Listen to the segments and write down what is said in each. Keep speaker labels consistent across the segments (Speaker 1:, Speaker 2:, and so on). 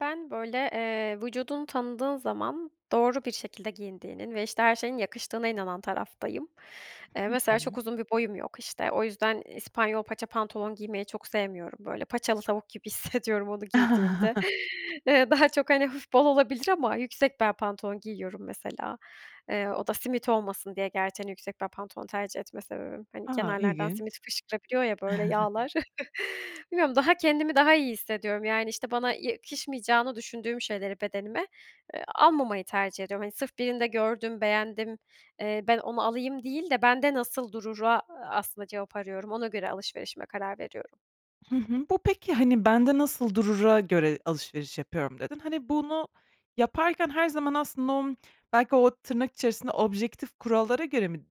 Speaker 1: Ben böyle, eee, vücudunu tanıdığın zaman doğru bir şekilde giyindiğinin ve işte her şeyin yakıştığına inanan taraftayım. Eee,
Speaker 2: Hı
Speaker 1: mesela çok
Speaker 2: hı.
Speaker 1: uzun bir boyum yok. İşte, o yüzden İspanyol paça pantolon giymeyi çok sevmiyorum böyle. Paçalı tavuk gibi hissediyorum onu giydiğimde. Iıı, daha çok hani hafif bol olabilir ama yüksek bel pantolon giyiyorum mesela. Eee, o da simit olmasın diye gerçi hani, yüksek bel pantolon tercih etme sebebim. Hani,
Speaker 2: A,
Speaker 1: kenarlardan simit
Speaker 2: ilginç.
Speaker 1: fışkırabiliyor ya böyle yağlar. Bilmiyorum daha kendimi daha iyi hissediyorum. Yani, işte, bana yakışmayacağını düşündüğüm şeyleri bedenime, eee, almamayı tercih ediyorum. Hani, sırf birinde gördüm, beğendim, eee, ben onu alayım değil de bende nasıl durura aslında cevap arıyorum. Ona göre alışverişime karar veriyorum.
Speaker 2: Hı hı. Bu peki hani, bende nasıl durura göre alışveriş yapıyorum dedin. Hani, bunu yaparken her zaman aslında onu belki o tırnak içerisinde objektif kurallara göre mi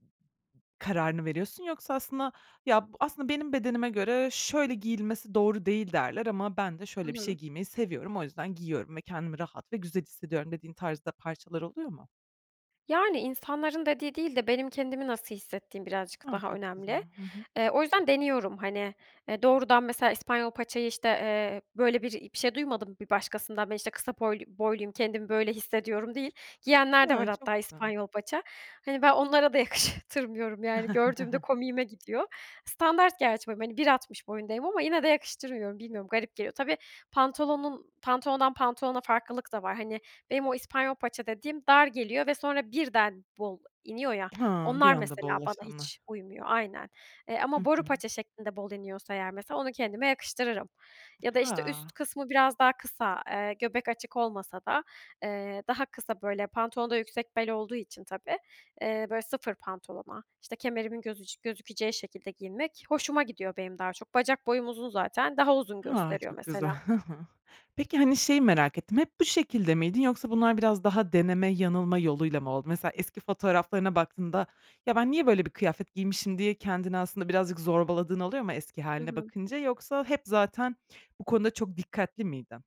Speaker 2: kararını veriyorsun yoksa aslında, ya b aslında benim bedenime göre şöyle giyilmesi doğru değil derler ama ben de
Speaker 1: I
Speaker 2: şöyle bir şey
Speaker 1: hı.
Speaker 2: giymeyi seviyorum, o yüzden giyiyorum ve kendimi rahat ve güzel hissediyorum dediğin tarzda parçalar oluyor mu?
Speaker 1: Yani, insanların dediği değil de benim kendimi nasıl hissettiğim birazcık
Speaker 2: A,
Speaker 1: daha
Speaker 2: çok güzel.
Speaker 1: önemli.
Speaker 2: Hı hı.
Speaker 1: Eee, o yüzden deniyorum hani, eee doğrudan mesela İspanyol paçayı işte, eee, böyle bir i şey duymadım bir başkasından ben işte kısa boylu- boyluyum kendimi böyle hissediyorum değil. Giyenler de
Speaker 2: Hı,
Speaker 1: var
Speaker 2: çok
Speaker 1: hatta
Speaker 2: güzel.
Speaker 1: İspanyol paça. Hani, ben onlara da yakıştırmıyorum yani, gördüğümde komiğime gidiyor. Standart gerçi böyle, hani, bir altmış boyundayım ama yine de yakıştırmıyorum. Bilmiyorum garip geliyor. Tabii, pantolonun pantolonundan pantolona farklılık da var. Hani, benim o İspanyol paça dediğim dar geliyor ve sonra birden bol iniyor ya
Speaker 2: Hıı, bir
Speaker 1: onlar
Speaker 2: anda
Speaker 1: mesela bana
Speaker 2: bollaşanlar.
Speaker 1: hiç uymuyor. Aynen. Eee,
Speaker 2: Hı
Speaker 1: ama boru
Speaker 2: hı.
Speaker 1: paça şeklinde bol iniyorsa eğer mesela onu kendime yakıştırırım. Ya da işte üst
Speaker 2: Ha.
Speaker 1: kısmı biraz daha kısa, eee, göbek açık olmasa da, eee, daha kısa böyle pantolon da yüksek bel olduğu için tabii, eee, böyle sıfır pantolona işte kemerimin gözücü gözükeceği şekilde giyinmek hoşuma gidiyor benim daha çok. Bacak boyum uzun zaten. Daha uzun
Speaker 2: Ha,
Speaker 1: gösteriyor
Speaker 2: çok
Speaker 1: mesela.
Speaker 2: güzel. Peki hani, şeyi merak ettim, hep bu şekilde miydin yoksa bunlar biraz daha deneme yanılma yoluyla mı oldu? Mesela eski fotoğraflarına baktığında "Ya ben niye böyle bir kıyafet giymişim" diye kendini aslında birazcık zorbaladığın oluyor mu eski
Speaker 1: Hı
Speaker 2: hâline
Speaker 1: hı.
Speaker 2: bakınca? Yoksa hep zaten bu konuda çok dikkatli miydin?